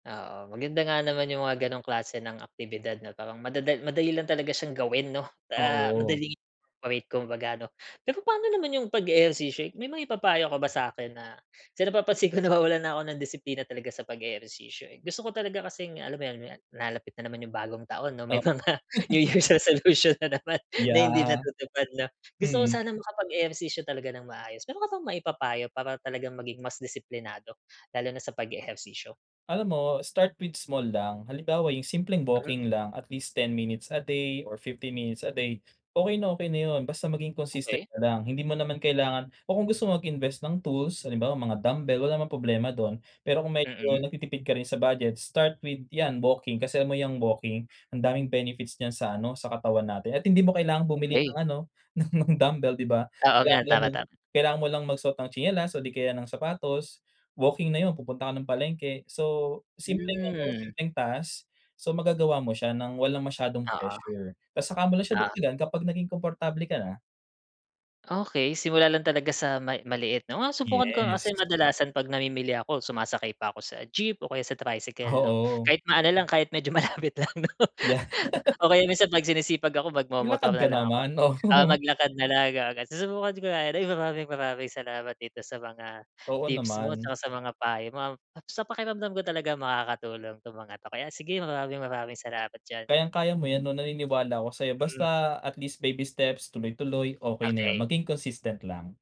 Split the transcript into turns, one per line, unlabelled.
Oo, maganda nga naman yung mga gano'ng klase ng aktibidad 'no, parang madada madali lang talaga siyang gawin, no? Ah,
Oo.
madaling [unintelligible] kumbaga, no? Pero paano naman yung pag-eehersisyo, eh, may maipapayo ka ba sa'kin na kasi napapansin ko nawawalan na ko ng disiplina talaga sa pag-eehersisyo, eh. Gusto ko talaga kasing alam mo yun nat nalalapit na naman yung bagong taon, 'no,
Tap
may mga New Year's resolution na naman na hindi
Yeah.
natutupad, 'no? Gusto ko
Mm.
sana makapag-ehersisyo talaga nang maayos. Meron ka bang maipapayo para talagang maging mas disiplinado, lalo na sa pag-eehersisyo?
Alam mo, start with small lang, halimbawa yung simpleng
Mhm.
walking lang at least 10 minutes a day or 50 minutes a day, okey na okey na 'yon, basta maging consistent
Okey.
ka lang. Hindi mo naman kailangan o kung gusto mo mag-invest ng tools, halimbawa mga dumbbell, wala namang problema do'n. Pero kung medyo
Mm.
nagtitipid ka rin sa budget, start with yan, walking. Kasi alam mo yang walking, ang daming benefits niyan sa ano, sa katawan natin at hindi mo kailangan bumili
Okey.
ng ano, ng mga dumbbell, di ba?
Oo
Kailangan
nga,
mo lang
tama,
nung
tama.
kailangan mo lang magsuot ng tsinelas o di kaya ng sapatos, walking na 'yon. Pupunta ka ng palengke, so simpleng ano,
Hmm.
simpleng task, so magagawa mo siya nang walang masyadong
Oo,
pressure. Ta's saka mo lang siya
oo.
dagdagan kapag naging komportable ka na.
Okey, simula lang talaga sa may maliit, 'no? Nang masubukan ko nga kasi
Yes.
kadalasan pag namimili ako, sumasakay pa ko sa jeep o kaya sa tricycle, 'no,
Oo.
kahit maano lang, kahit medyo malapit lang, no?
Yeah.
O kaya minsan pag sinisipag ako, magmomotor
Maglakad
na
ka
lang ako.
naman,
Ah,
oo.
maglakad na lang gumaga susubukan ko nga rin. Maraming, maraming salamat dito sa mga
Oo,
tips mo
naman.
tsaka sa mga payo mom at sa pakiramdam ko talaga makakatulong 'tong mga 'to. Kaya sige, maraming, maraming salamat diyan.
Kayang-kaya mo yan, 'no, naniniwala ako sa'yo,
Mm.
basta at least baby steps, tuloy-tuloy, okey na yun.
Okey.
Maging consistent lang.